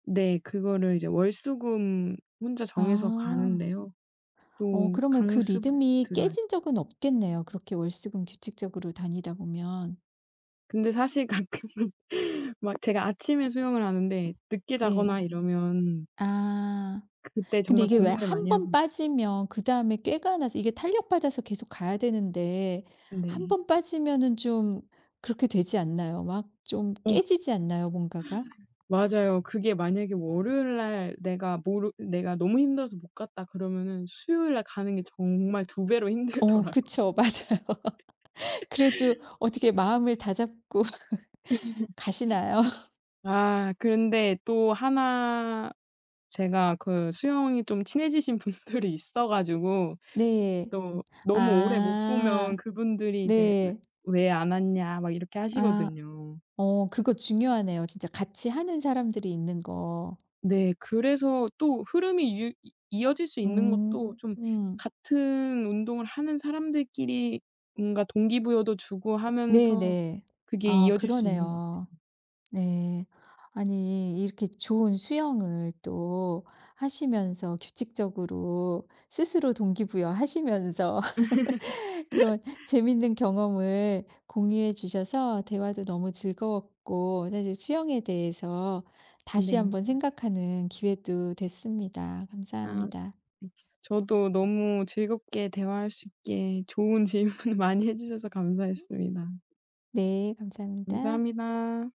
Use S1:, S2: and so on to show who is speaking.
S1: 네. 그거를 이제 월수금 혼자 정해서
S2: 아.
S1: 가는데요.
S2: 어
S1: 또
S2: 그러면 그
S1: 강습
S2: 리듬이
S1: 들어야
S2: 깨진 적은 없겠네요. 그렇게 월수금 규칙적으로 다니다 보면.
S1: 근데 사실 가끔은 막 제가 아침에 수영을 하는데 늦게
S2: 네.
S1: 자거나 이러면
S2: 아.
S1: 그때
S2: 근데
S1: 정말
S2: 이게 왜
S1: 고민을
S2: 1
S1: 많이
S2: 번
S1: 합니
S2: 빠지면 그 다음에 꾀가 나서 이게 탄력 받아서 계속 가야 되는데 1
S1: 네.
S2: 번 빠지면은 좀 그렇게 되지 않나요? 막 좀
S1: 어.
S2: 깨지지 않나요 뭔가가?
S1: 맞아요. 그게 만약에 월요일 날 내가 모르 내가 너무 힘들어서 못 갔다 그러면은 수요일날 가는 게 정말 2 배로
S2: 그 어
S1: 힘들더라고
S2: 그쵸. 맞아요. 그래도 어떻게 마음을 다잡고 가시나요?
S1: 아. 그런데 또 하나 제가 그 수영이 좀 친해지신 분들이 있어 가지고
S2: 네.
S1: 또 너무 오래 못 보면
S2: 아
S1: 그분들이 이제 "왜
S2: 네.
S1: 왜 안 왔냐?" 막 이렇게
S2: 아.
S1: 하시거든요.
S2: 어 그거 중요하네요 진짜 같이 하는 사람들이 있는 거.
S1: 네. 그래서 또 흐름이 유 이 이어질 수 있는
S2: 음.
S1: 것도 좀 같은 운동을 하는 사람들끼리 뭔가 동기부여도 주고 하면서
S2: 네네.
S1: 그게
S2: 아
S1: 이어질 수 있는 것
S2: 그러네요.
S1: 같아요.
S2: 네. 아니 이렇게 좋은 수영을 또 하시면서 규칙적으로 스스로 동기부여 하시면서 그런 재밌는 경험을 공유해 주셔서 대화도 너무 즐거웠고 사실 수영에 대해서 다시
S1: 네.
S2: 한번 생각하는 기회도 됐습니다.
S1: 아. 웁쓰.
S2: 감사합니다.
S1: 저도 너무 즐겁게 대화할 수 있게 좋은 질문 많이 해 주셔서
S2: 음?
S1: 감사했습니다.
S2: 네. 감사합니다.
S1: 감사합니다.